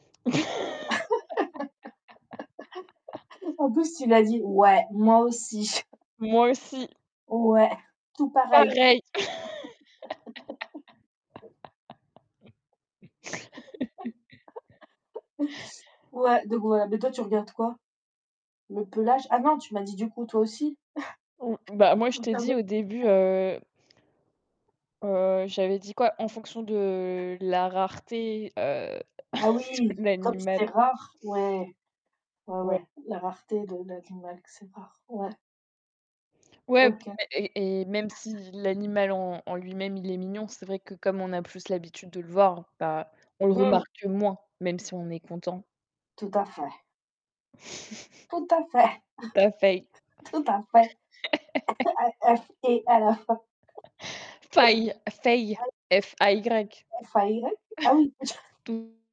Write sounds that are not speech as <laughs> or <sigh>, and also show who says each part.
Speaker 1: <laughs>
Speaker 2: <laughs> En plus, tu lui a dit: «Ouais, moi aussi.»
Speaker 1: Moi aussi.
Speaker 2: Ouais, tout pareil.
Speaker 1: Pareil.
Speaker 2: <laughs>
Speaker 1: <laughs>
Speaker 2: <laughs> Ouais, donc voilà, mais toi, tu regardes quoi? Le pelage? Ah non, tu m'as dit, du coup, toi aussi?
Speaker 1: Mmh, bah moi, je t'ai dit
Speaker 2: <chuckles>
Speaker 1: au début,
Speaker 2: <unintelligible>
Speaker 1: heu heu, j'avais dit quoi, en fonction de la rareté, heu,
Speaker 2: Ah
Speaker 1: <chuckles>
Speaker 2: oui, comme c'est
Speaker 1: l'animal.
Speaker 2: rare, ouais, ouais,
Speaker 1: Ouais.
Speaker 2: ouais, la rareté de de l'animal que c'est rare, ouais,
Speaker 1: Ouais,
Speaker 2: OK.
Speaker 1: et et et même si l'animal, en en lui-même, il est mignon, c'est vrai que, comme on a plus l'habitude de le voir, ben, on le
Speaker 2: Mmh.
Speaker 1: remarque moins, même si on est content.
Speaker 2: Tout à fait. Tout à fait.
Speaker 1: <chuckles> Tout à fait.
Speaker 2: <chuckles> Tout à fait.
Speaker 1: <laughs>
Speaker 2: A F é, à la fin.
Speaker 1: Fay, fay,
Speaker 2: <laughs>
Speaker 1: F A Y.
Speaker 2: F A Y? Ah oui! <laughs>
Speaker 1: <chuckles> <unintelligible>